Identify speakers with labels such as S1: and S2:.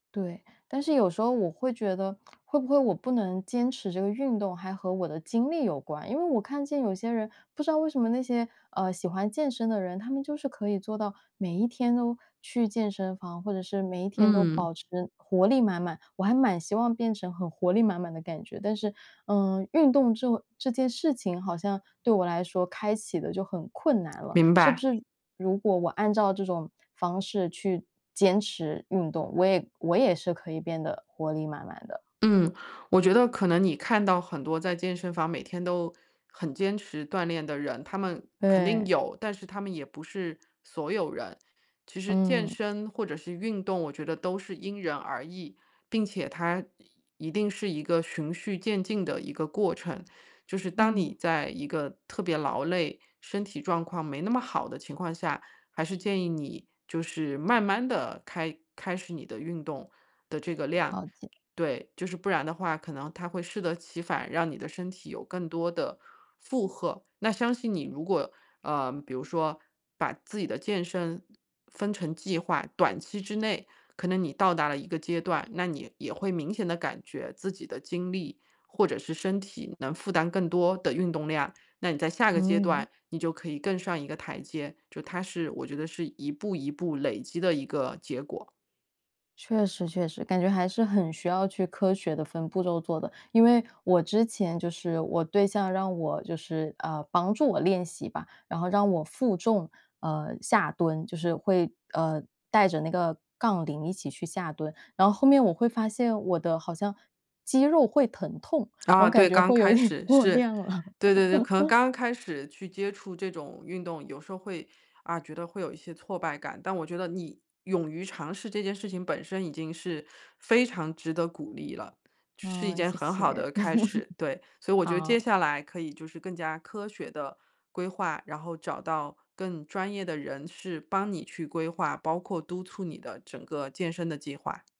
S1: 对，但是有时候我会觉得，会不会我不能坚持这个运动还和我的经历有关。因为我看见有些人不知道为什么那些呃，喜欢健身的人，他们就是可以做到每一天都去健身房，或者是每一天都
S2: 嗯。
S1: 保持活力满满。我还蛮希望变成很活力满满的感觉，但是，嗯，运动这种这件事情好像对我来说，开启得就很困难了，
S2: 明
S1: 是不
S2: 白。
S1: 是如果我按照这种方式去坚持运动，我也我也是可以变得活力满满的？
S2: 嗯，我觉得可能你看到很多在健身房每天都很坚持锻炼的人，他们肯定
S1: 对。
S2: 有，但是他们也不是所有人。其实健
S1: 嗯。
S2: 身或者是运动我觉得都是因人而异，并且它一一定是一个循序渐进的一个过程。就是当
S1: 嗯。
S2: 你在一个特别劳累、身体状况没那么好的情况下，还是建议你就是慢慢地开开始你的运动的这个量。
S1: 了解。
S2: 对，就是不然的话它可能会适得其反，让你的身体有更多的负荷。那相信你如果呃，比如说把自己的健身分成计划，短期之内可能你到达了一个阶段，那你也会明显地感觉自己的精力，或者是身体能负担更多的运动量，那你在下个阶
S1: 嗯。
S2: 段，你就可以更上一个台阶，就它是我觉得是一步一步累积的一个结果。
S1: 确实，确实。感觉还是很需要去科学地分步骤做的。因为我之前就是，我对象让我就是呃，帮助我练习吧，然后让我负重，呃，下蹲，就是会，呃，带着那个杠铃一起去下蹲。然后后面我会发现，我的好像肌肉会疼痛，然
S2: 啊，
S1: 后感
S2: 对，
S1: 觉
S2: 刚
S1: 会有一
S2: 开
S1: 点
S2: 始，
S1: 过
S2: 是。
S1: 量了。
S2: 对对对，可能 刚开始去接触这种运动，有时候会啊，觉得会有一些挫败感，但我觉得你勇于尝试这件事情本身，已经是非常值得鼓励了，是一
S1: 嗯，
S2: 件
S1: 谢
S2: 很好
S1: 谢。
S2: 的开始，对。所以我觉得接
S1: 好。
S2: 下来，可以就是更加科学地规划，然后找到更专业的人士帮你去规划，包括督促你的整个健身的计划。